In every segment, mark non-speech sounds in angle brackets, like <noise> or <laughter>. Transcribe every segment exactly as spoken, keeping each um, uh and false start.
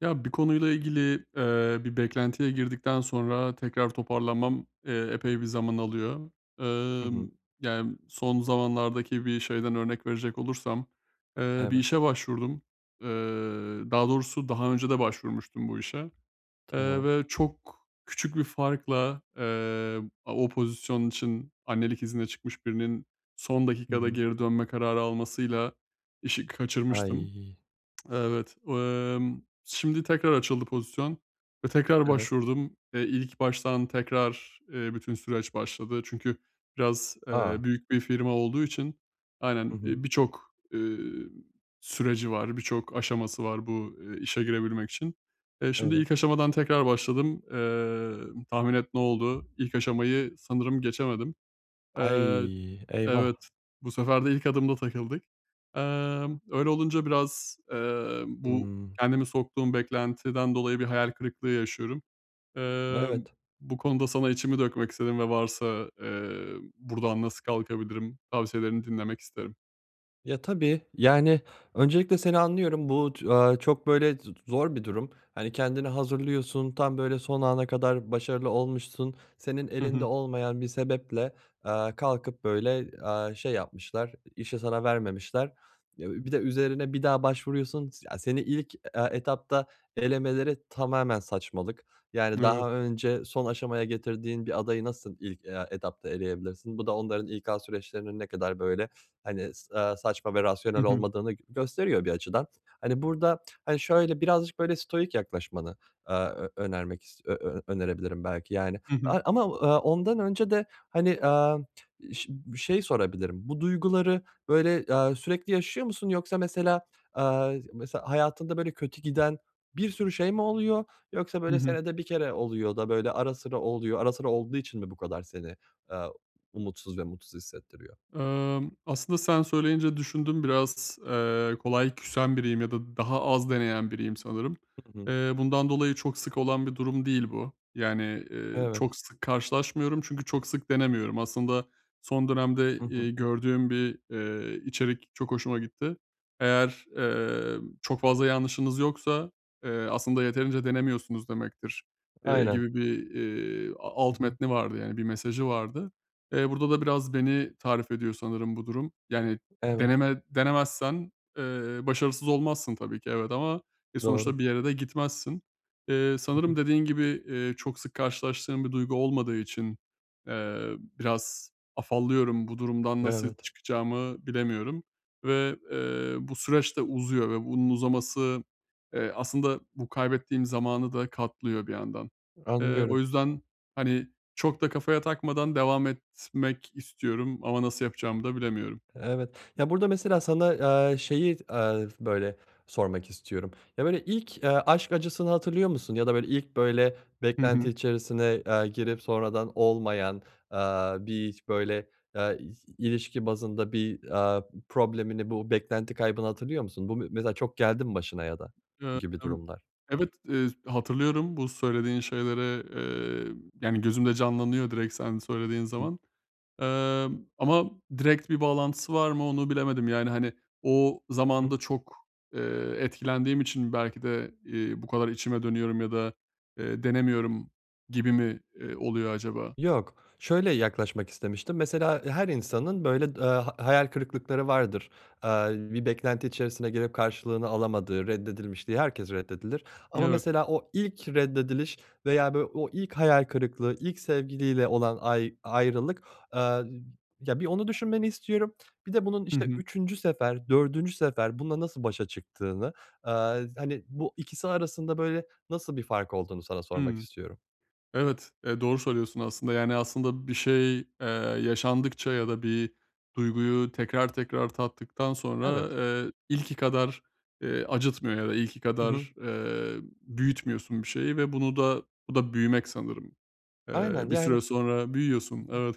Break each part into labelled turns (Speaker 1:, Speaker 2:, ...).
Speaker 1: Ya bir konuyla ilgili, eee, bir beklentiye girdikten sonra tekrar toparlanmam, eee, epey bir zaman alıyor.
Speaker 2: Hı hı.
Speaker 1: Emm, yani son zamanlardaki bir şeyden örnek verecek olursam, eee, bir
Speaker 2: Evet.
Speaker 1: işe başvurdum. Eee, daha doğrusu daha önce de başvurmuştum bu işe, eee,
Speaker 2: Tamam.
Speaker 1: ve çok küçük bir farkla, eee, o pozisyon için, annelik iznine çıkmış birinin, son
Speaker 2: Hı
Speaker 1: dakikada
Speaker 2: hı.
Speaker 1: geri dönme kararı almasıyla işi kaçırmıştım.
Speaker 2: Ay.
Speaker 1: Evet. Emm, şimdi tekrar açıldı pozisyon ve tekrar
Speaker 2: Evet.
Speaker 1: başvurdum. Eee, ilk baştan tekrar, eee, bütün süreç başladı. Çünkü biraz, eee,
Speaker 2: A.
Speaker 1: büyük bir firma olduğu için,
Speaker 2: Hı
Speaker 1: aynen,
Speaker 2: hı.
Speaker 1: iii, birçok, eee, süreci var, birçok aşaması var bu, eee, işe girebilmek için. Eee, şimdi
Speaker 2: Evet.
Speaker 1: ilk aşamadan tekrar başladım. Eee, tahmin et ne oldu? İlk aşamayı sanırım geçemedim. Eee,
Speaker 2: Ay. Eyvah!
Speaker 1: evet. Bu sefer de ilk adımda takıldık. Emm, öyle olunca biraz, eee, bu
Speaker 2: Hımm.
Speaker 1: kendimi soktuğum beklentiden dolayı bir hayal kırıklığı yaşıyorum. Eee,
Speaker 2: Evet.
Speaker 1: bu konuda sana içimi dökmek istedim ve varsa, eee, buradan nasıl kalkabilirim? Tavsiyelerini dinlemek isterim.
Speaker 2: Ya tabii. Yani öncelikle seni anlıyorum, bu tü aaa, çok böyle z zor bir durum. Hani kendini hazırlıyorsun, tam böyle son ana kadar başarılı olmuşsun, senin
Speaker 1: Hı
Speaker 2: elinde
Speaker 1: hı.
Speaker 2: olmayan bir sebeple, eee, kalkıp böyle, eee, şey yapmışlar, i işi sana vermemişler. Ya, bir de üzerine bir daha başvuruyorsun, s ya, seni ilk, e etapta elemeleri tamamen saçmalık. Yani
Speaker 1: Evet.
Speaker 2: daha önce son aşamaya getirdiğin bir adayı nasıl ilk, eee, etapta eleyebilirsin? Bu da onların İK süreçlerinin ne kadar böyle, hani, s eee, saçma ve
Speaker 1: Hı
Speaker 2: rasyonel
Speaker 1: hı.
Speaker 2: olmadığını g gösteriyor bir açıdan. Hani burada, hani, şöyle birazcık böyle stoic yaklaşmanı, eee, ö önermek is ö ö önerebilirim belki yani,
Speaker 1: Hı hı.
Speaker 2: aaa, ama, aaa, ondan önce de, hani, eee, ş bir şey sorabilirim, bu duyguları böyle, eee, sürekli yaşıyor musun yoksa mesela, eee, mesela hayatında böyle kötü giden bir sürü şey mi oluyor yoksa
Speaker 1: Hı
Speaker 2: böyle
Speaker 1: hı.
Speaker 2: senede bir kere oluyor da, böyle, ara sıra oluyor, ara sıra olduğu için mi bu kadar seni, eee, umutsuz ve mutsuz hissettiriyor?
Speaker 1: Emm, aslında sen söyleyince düşündüm biraz, eee, kolay küsen biriyim ya da daha az deneyen biriyim sanırım.
Speaker 2: Hı hı.
Speaker 1: Eee, bundan dolayı çok sık olan bir durum değil bu. Yani, eee,
Speaker 2: Evet.
Speaker 1: çok sık karşılaşmıyorum çünkü çok sık denemiyorum. Aslında son dönemde,
Speaker 2: Hı hı.
Speaker 1: eee, gördüğüm bir, eee, içerik çok hoşuma gitti. Eğer, eee, çok fazla yanlışınız yoksa, eee, aslında yeterince denemiyorsunuz demektir, eee,
Speaker 2: Aynen.
Speaker 1: gibi bir, eee, a
Speaker 2: Hı
Speaker 1: alt
Speaker 2: hı.
Speaker 1: metni vardı, yani bir mesajı vardı. Eee, burada da biraz beni tarif ediyor sanırım bu durum. Yani
Speaker 2: Evet.
Speaker 1: deneme denemezsen, eee, başarısız olmazsın tabii ki, evet, ama, e,
Speaker 2: Doğru.
Speaker 1: sonuçta bir yere de gitmezsin. Eee,
Speaker 2: Hı
Speaker 1: sanırım
Speaker 2: hı.
Speaker 1: dediğin gibi, eee, çok sık karşılaştığım bir duygu olmadığı için, eee, biraz afallıyorum, bu durumdan nasıl
Speaker 2: Evet.
Speaker 1: çıkacağımı bilemiyorum ve, eee, bu süreç de uzuyor ve bunun uzaması, eee, aslında bu kaybettiğim zamanı da katlıyor bir yandan. Eee, o
Speaker 2: Anlıyorum.
Speaker 1: yüzden, hani, çok da kafaya takmadan devam etmek istiyorum ama nasıl yapacağımı da bilemiyorum.
Speaker 2: Evet. Ya burada mesela sana, eee, şeyi, eee, böyle, sormak istiyorum. Ya böyle ilk, eee, aşk acısını hatırlıyor musun ya da, böyle, ilk ,böyle,
Speaker 1: Hı
Speaker 2: beklenti
Speaker 1: hı.
Speaker 2: içerisine, eee, girip sonradan olmayan, eee, bir hiç böyle, eee, i ilişki bazında bir, eee, problemini, bu beklenti kaybını hatırlıyor musun? Bu me mesela çok geldi mi başına ya da bu gibi
Speaker 1: <unintelligible>
Speaker 2: durumlar?
Speaker 1: Evet, eee, hatırlıyorum bu söylediğin şeyleri. Eee, yani gözümde canlanıyor direkt sen söylediğin
Speaker 2: <unintelligible>
Speaker 1: zaman. Emm, ama direkt bir bağlantısı var mı onu bilemedim yani, hani, o
Speaker 2: <unintelligible>
Speaker 1: zamanında çok, eee, etkilendiğim için belki de, eee, bu kadar içime dönüyorum ya da, eee, denemiyorum gibi mi, eee, oluyor acaba?
Speaker 2: Yok. Şöyle yaklaşmak istemiştim, mesela her insanın böyle d aaa, hayal kırıklıkları vardır, eee, bir beklenti içerisine girip karşılığını alamadığı, reddedilmiş diye herkes reddedilir ama
Speaker 1: Evet.
Speaker 2: mesela o ilk reddediliş veya böyle o ilk hayal kırıklığı ilk sevgiliyle olan ay ayrılık Eee, ya, bir onu düşünmeni istiyorum. Bir de bunun,
Speaker 1: Hı
Speaker 2: işte,
Speaker 1: hı.
Speaker 2: üçüncü sefer, dördüncü sefer bununla nasıl başa çıktığını, eee, hani, bu ikisi arasında böyle nasıl bir fark olduğunu sana sormak
Speaker 1: Hımm.
Speaker 2: istiyorum.
Speaker 1: Evet, eee, doğru söylüyorsun aslında. Yani aslında bir şey, eee, yaşandıkça ya da bir duyguyu tekrar tekrar tattıktan sonra,
Speaker 2: Evet.
Speaker 1: eee, ilki kadar, eee, acıtmıyor ya da ilki
Speaker 2: Hı hı.
Speaker 1: kadar, eee, büyütmüyorsun bir şeyi ve bunu da bu da büyümek sanırım.
Speaker 2: Aynen,
Speaker 1: Eee, bir
Speaker 2: yani
Speaker 1: süre sonra büyüyorsun,
Speaker 2: Hı hı.
Speaker 1: evet.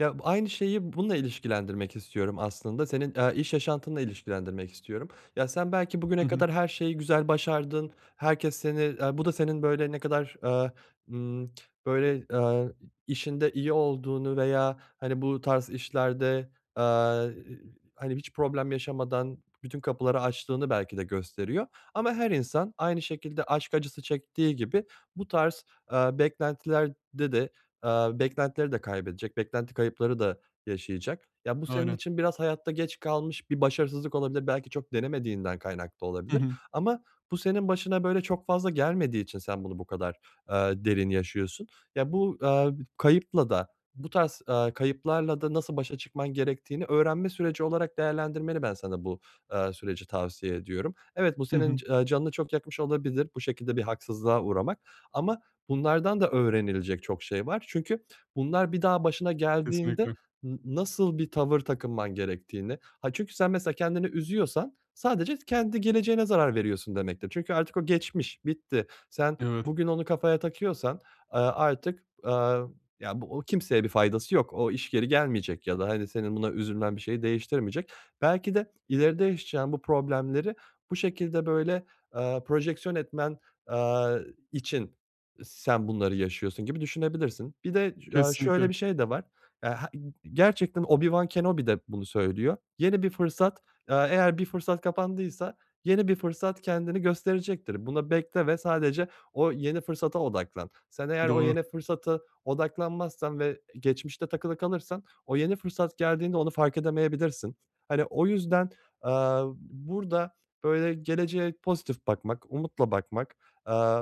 Speaker 2: Ya b aynı şeyi bununla ilişkilendirmek istiyorum aslında, senin, eee, iş yaşantınla ilişkilendirmek istiyorum. Ya sen belki bugüne
Speaker 1: Hı hı.
Speaker 2: kadar her şeyi güzel başardın, herkes seni, eee, bu da senin böyle ne kadar, eee, ımm, böyle, ııı, i işinde iyi olduğunu veya, hani, bu tarz işlerde, eee, <unintelligible> hani, hiç problem yaşamadan bütün kapıları açtığını belki de gösteriyor ama her insan aynı şekilde aşk acısı çektiği gibi bu tarz, eee, beklentilerde de, eee, beklentileri de kaybedecek, beklenti kayıpları da yaşayacak. Ya bu senin
Speaker 1: Aynen.
Speaker 2: için biraz hayatta geç kalmış bir başarısızlık olabilir, belki çok denemediğinden kaynaklı
Speaker 1: Hı
Speaker 2: olabilir
Speaker 1: hı.
Speaker 2: ama bu senin başına böyle çok fazla gelmediği için sen bunu bu kadar, eee, derin yaşıyorsun, ya bu, eee, kayıpla da, bu tarz, eee, kayıplarla da nasıl başa çıkman gerektiğini öğrenme süreci olarak değerlendirmeni ben sana bu, eee, süreci tavsiye ediyorum. Evet, bu
Speaker 1: Hı
Speaker 2: senin
Speaker 1: hı.
Speaker 2: c eee, canını çok yakmış olabilir, bu şekilde bir haksızlığa uğramak ama bunlardan da öğrenilecek çok şey var çünkü bunlar bir daha başına geldiğinde
Speaker 1: Kesinlikle.
Speaker 2: n nasıl bir tavır takınman gerektiğini, aaa, çünkü sen mesela kendini üzüyorsan sadece kendi geleceğine zarar veriyorsun demektir çünkü artık o geçmiş, bitti. Sen
Speaker 1: Evet.
Speaker 2: bugün onu kafaya takıyorsan, eee, artık, eee, ya, bu o kimseye bir faydası yok, o iş geri gelmeyecek ya da, hani, senin buna üzülmen bir şeyi değiştirmeyecek. Belki de ileride yaşayacağın bu problemleri bu şekilde böyle, eee, projeksiyon etmen, eee, için sen bunları yaşıyorsun gibi düşünebilirsin. Bir de, eee, şöyle
Speaker 1: Kesinlikle.
Speaker 2: bir şey de var. <unintelligible> Gerçekten Obi-Wan Kenobi de bunu söylüyor. Yeni bir fırsat, eee, eğer bir fırsat kapandıysa yeni bir fırsat kendini gösterecektir. Buna bekle ve sadece o yeni fırsata odaklan. Sen eğer o
Speaker 1: Doğru.
Speaker 2: yeni fırsata odaklanmazsan ve geçmişte takılı kalırsan o yeni fırsat geldiğinde onu fark edemeyebilirsin. Hani o yüzden, eee, b burada böyle geleceğe pozitif bakmak, umutla bakmak, eee,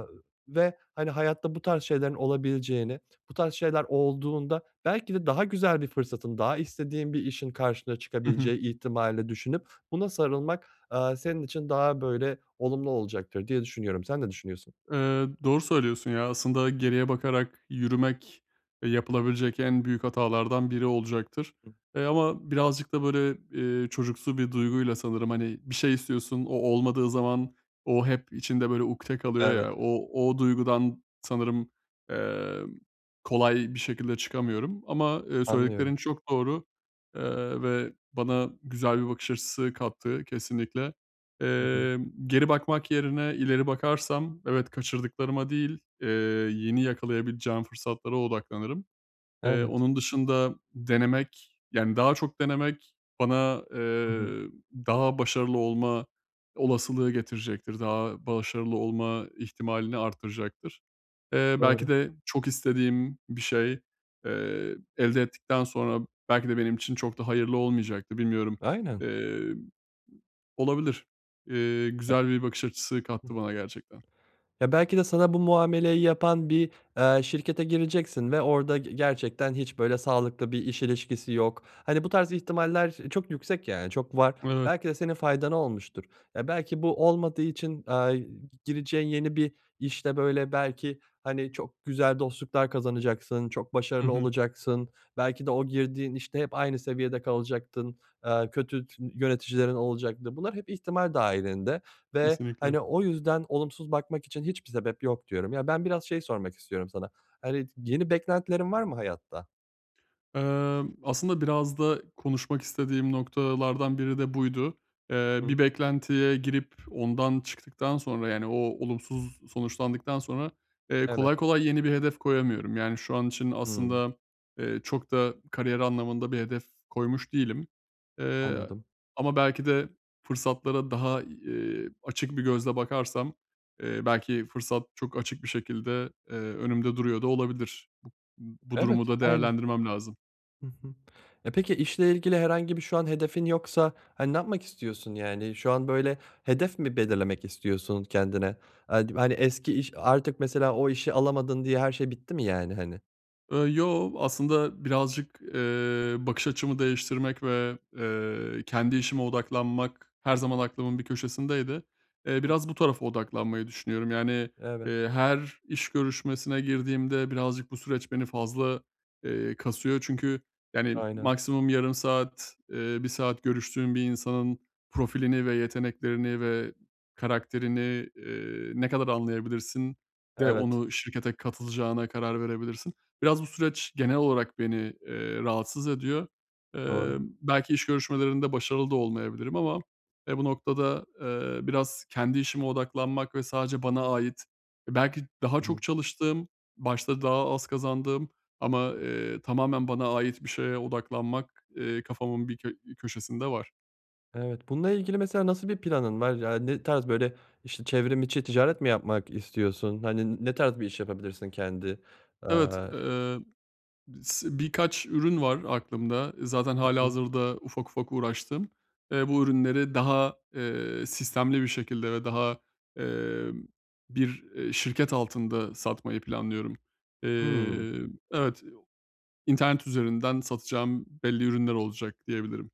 Speaker 2: ve, hani, hayatta bu tarz şeylerin olabileceğini, bu tarz şeyler olduğunda belki de daha güzel bir fırsatın daha istediğin bir işin karşına
Speaker 1: Hı hı.
Speaker 2: çıkabileceği ihtimalini de düşünüp buna sarılmak, eee, senin için daha böyle olumlu olacaktır diye düşünüyorum. Sen ne düşünüyorsun?
Speaker 1: Eee, doğru söylüyorsun. Ya, aslında geriye bakarak yürümek, eee, yapılabilecek en büyük hatalardan biri olacaktır. Eee, ama birazcık da böyle, eee, çocuksu bir duyguyla sanırım, hani, bir şey istiyorsun, o olmadığı zaman o hep içinde böyle ukte kalıyor
Speaker 2: Evet.
Speaker 1: ya, o, o duygudan sanırım, emm, kolay bir şekilde çıkamıyorum. Ama, eee,
Speaker 2: Anlıyorum.
Speaker 1: söylediklerin çok doğru, eee, ve bana güzel bir bakış açısı kattı kesinlikle.
Speaker 2: Hı hı.
Speaker 1: Emm, geri bakmak yerine ileri bakarsam, evet, kaçırdıklarıma değil, eee, yeni yakalayabileceğim fırsatlara odaklanırım. Eee,
Speaker 2: Evet.
Speaker 1: onun dışında denemek, yani daha çok denemek bana,
Speaker 2: Hı hı.
Speaker 1: eee, daha başarılı olma olasılığı getirecektir, daha başarılı olma ihtimalini arttıracaktır. Eee, belki
Speaker 2: Doğru.
Speaker 1: de çok istediğim bir şey, eee, elde ettikten sonra belki de benim için çok da hayırlı olmayacaktı, bilmiyorum,
Speaker 2: Aynen.
Speaker 1: emm, olabilir. Eee, güzel bir bakış açısı kattı bana gerçekten.
Speaker 2: Ya belki de sana bu muameleyi yapan bir, eee, şirkete gireceksin ve orada ge gerçekten hiç böyle sağlıklı bir iş ilişkisi yok. Hani bu tarz ihtimaller çok yüksek, yani çok var,
Speaker 1: Evet.
Speaker 2: belki de senin faydana olmuştur. Ya belki bu olmadığı için, eee, g gireceğin yeni bir işte böyle belki, hani, çok güzel dostluklar kazanacaksın, çok
Speaker 1: Hı
Speaker 2: başarılı
Speaker 1: hı.
Speaker 2: olacaksın, belki de o girdiğin işte hep aynı seviyede kalacaktın, eee, kötü tü yöneticilerin olacaktı. Bunlar hep ihtimal dahilinde ve,
Speaker 1: Kesinlikle.
Speaker 2: hani, o yüzden olumsuz bakmak için hiçbir sebep yok diyorum. Ya ben biraz şey sormak istiyorum sana, hani, yeni beklentilerin var mı hayatta?
Speaker 1: Emm, aslında biraz da konuşmak istediğim noktalardan biri de buydu. Eee,
Speaker 2: Hı hı.
Speaker 1: bir beklentiye girip ondan çıktıktan sonra, yani, o olumsuz sonuçlandıktan sonra, eee,
Speaker 2: Evet.
Speaker 1: kolay kolay yeni bir hedef koyamıyorum. Yani, şu an için
Speaker 2: Hıı.
Speaker 1: aslında, eee, çok da kariyer anlamında bir hedef koymuş değilim. Eee,
Speaker 2: Anladım.
Speaker 1: ama belki de fırsatlara daha, eee, açık bir gözle bakarsam, eee, belki fırsat çok açık bir şekilde, eee, önümde duruyor da olabilir. Bu bu
Speaker 2: Evet,
Speaker 1: durumu da
Speaker 2: aynı.
Speaker 1: değerlendirmem lazım.
Speaker 2: Hı hı. E, peki, işle ilgili herhangi bir şu an hedefin yoksa, hani, ne yapmak istiyorsun? Yani, şu an böyle hedef mi belirlemek istiyorsun kendine? Ad hani eski iş, artık mesela o işi alamadın diye her şey bitti mi yani, hani?
Speaker 1: Iıı, yoo. Aslında birazcık, eee, bakış açımı değiştirmek ve, eee, kendi işime odaklanmak her zaman aklımın bir köşesindeydi. Eee,
Speaker 2: <unintelligible>
Speaker 1: biraz bu tarafa odaklanmayı düşünüyorum, yani,
Speaker 2: Evet.
Speaker 1: eee, her iş görüşmesine girdiğimde birazcık bu süreç beni fazla, eee, kasıyor. Çünkü, yani,
Speaker 2: Aynen.
Speaker 1: maksimum yarım saat, eee bir saat görüştüğün bir insanın profilini ve yeteneklerini ve karakterini, eee, ne kadar anlayabilirsin de
Speaker 2: Evet.
Speaker 1: onu şirkete katılacağına karar verebilirsin. Biraz bu süreç genel olarak beni, eee, rahatsız ediyor.
Speaker 2: Doğru.
Speaker 1: Eee, belki iş görüşmelerinde başarılı da olmayabilirim ama, eee, bu noktada, eee, biraz kendi işime odaklanmak ve sadece bana ait, e, belki daha
Speaker 2: Hı hı.
Speaker 1: çok çalıştığım, başta daha az kazandığım ama, eee, tamamen bana ait bir şeye odaklanmak, eee, kafamın bir kö bir köşesinde var.
Speaker 2: Evet, bununla ilgili, mesela, nasıl bir planın var? Ya, ne tarz, böyle, işte, çevrim içi ticaret mi yapmak istiyorsun? Hani, n ne tarz bir iş yapabilirsin kendi,
Speaker 1: Evet,
Speaker 2: aaa
Speaker 1: eee, sı birkaç ürün var aklımda, zaten
Speaker 2: Hı hı.
Speaker 1: hâlihazırda ufak ufak uğraştığım, eee, bu ürünleri daha, eee, sistemli bir şekilde ve daha, emm, bir, eee, şirket altında satmayı planlıyorum.
Speaker 2: Hımm.
Speaker 1: Eee, evet, internet üzerinden satacağım belli ürünler olacak diyebilirim.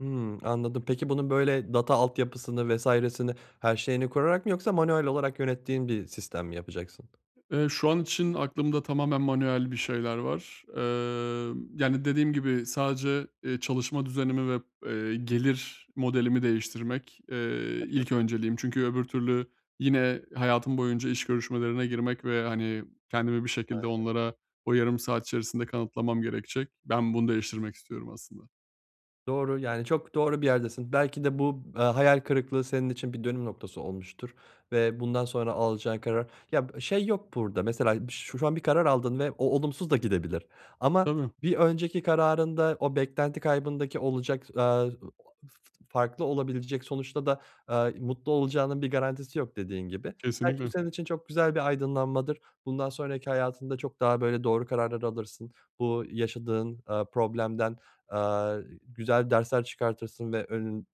Speaker 2: Hımm, anladım. Peki, bunun, böyle, data altyapısını vs.sini her şeyini kurarak mı yoksa manuel olarak yönettiğin bir sistem mi yapacaksın?
Speaker 1: Eee, şu an için aklımda tamamen manuel bir şeyler var, emm, yani dediğim gibi, sadece, eee, çalışma düzenimi ve, eee, gelir modelimi değiştirmek, eee,
Speaker 2: Hı hı.
Speaker 1: ilk önceliğim. Çünkü öbür türlü yine hayatım boyunca iş görüşmelerine girmek ve, hani, kendimi bir şekilde
Speaker 2: Aynen.
Speaker 1: onlara o yarım saat içerisinde kanıtlamam gerekecek. Ben bunu değiştirmek istiyorum aslında.
Speaker 2: Doğru, yani, çok doğru bir yerdesin. Belki de bu, eee, hayal kırıklığı senin için bir dönüm noktası olmuştur ve bundan sonra alacağın karar Ya, b şey yok burada, mesela ş şu an bir karar aldın ve o olumsuz da gidebilir ama
Speaker 1: Tabii.
Speaker 2: bir önceki kararında o beklenti kaybındaki olacak, aaa, <unintelligible> farklı olabilecek sonuçta da, aaa, mutlu olacağının bir garantisi yok, dediğin gibi. Belki bu
Speaker 1: Kesinlikle.
Speaker 2: senin için çok güzel bir aydınlanmadır, bundan sonraki hayatında çok daha, böyle, doğru kararlar alırsın, bu yaşadığın, aaa, problemden, aaa, güzel dersler çıkartırsın ve önün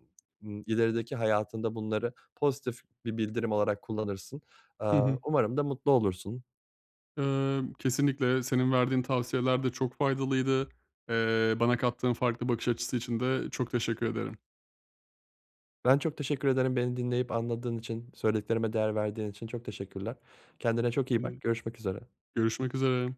Speaker 2: ilerideki hayatında bunları pozitif bir bildirim olarak kullanırsın.
Speaker 1: Hı
Speaker 2: Aaa,
Speaker 1: hı.
Speaker 2: umarım da mutlu olursun.
Speaker 1: Imm, kesinlikle senin verdiğin tavsiyeler de çok faydalıydı, eee, bana kattığın farklı bakış açısı için de çok teşekkür ederim.
Speaker 2: Ben çok teşekkür ederim, beni dinleyip anladığın için, söylediklerime değer verdiğin için. Çok teşekkürler. Kendine çok iyi
Speaker 1: Iıı.
Speaker 2: bak, görüşmek üzere.
Speaker 1: Görüşmek üzere.